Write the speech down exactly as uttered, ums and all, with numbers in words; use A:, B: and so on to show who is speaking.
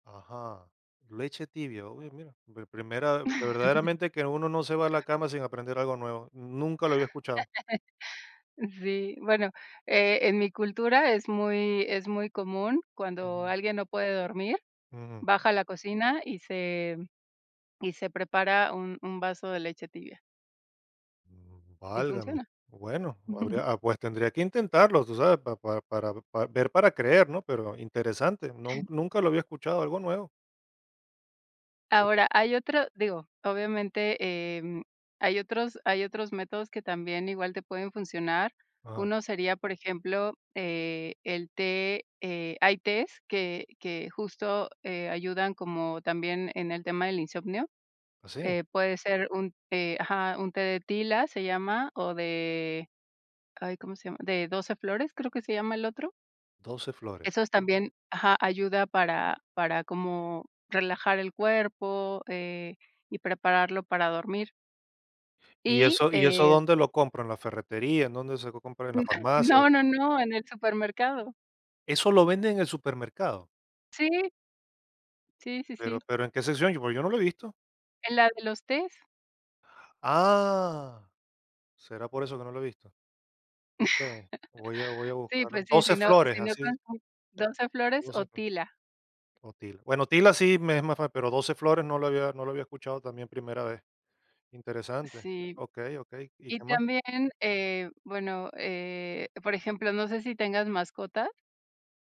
A: Ajá. Leche tibia. Uy, mira, mi primera verdaderamente que uno no se va a la cama sin aprender algo nuevo. Nunca lo había escuchado.
B: Sí, bueno, eh, en mi cultura es muy es muy común, cuando
A: Ujú.
B: alguien no puede dormir,
A: Ujú.
B: baja a la cocina y se y se prepara un un vaso de leche tibia.
A: Mm,
B: Y
A: válgame.
B: funciona.
A: Bueno, habría, ah, pues tendría que intentarlo, tú sabes, pa pa para pa ver para creer, ¿no? Pero interesante, nun nunca lo había escuchado, algo nuevo.
B: Ahora, hay otro digo, obviamente, em, hay otros hay otros métodos que también, igual te pueden funcionar.
A: Ajá.
B: Uno sería, por ejemplo, eh, el té, eh, hay tés que que justo, eh, ayudan como también en el tema del insomnio,
A: ¿Así?
B: eh, puede ser un té Ajá, un té de tila se llama o de ay, ¿cómo se llama? De doce flores, creo que se llama el otro.
A: doce flores.
B: Esos también Ajá, ayuda para para como relajar el cuerpo, eh, y prepararlo para dormir.
A: ¿Y
B: Y,
A: eso y eso
B: eh
A: dónde lo compro, en la ferretería, en dónde se puede comprar, en la farmacia?
B: No,
A: [unintelligible]
B: no, no, en el supermercado.
A: ¿Eso lo venden en el supermercado?
B: Sí, Sí, sí,
A: Pero
B: sí.
A: pero, ¿en qué sección? Porque yo no lo he visto.
B: En la de los tés.
A: ¡Ah! ¿Será por eso que no lo he visto? Okey, voy a voy a
B: Sí,
A: buscarlo.
B: pues sí,
A: doce
B: si no
A: flores,
B: si no con
A: así
B: [unintelligible] doce flores o
A: doce flo
B: tila.
A: o tila. Bueno tila sí me es más fa pero doce flores no lo había no lo había escuchado, también primera vez. Interesante.
B: Sí.
A: Okey, okey, ¿y
B: Y
A: qué más?
B: también, eh, bueno, eh, por ejemplo, no sé si tengas mascota.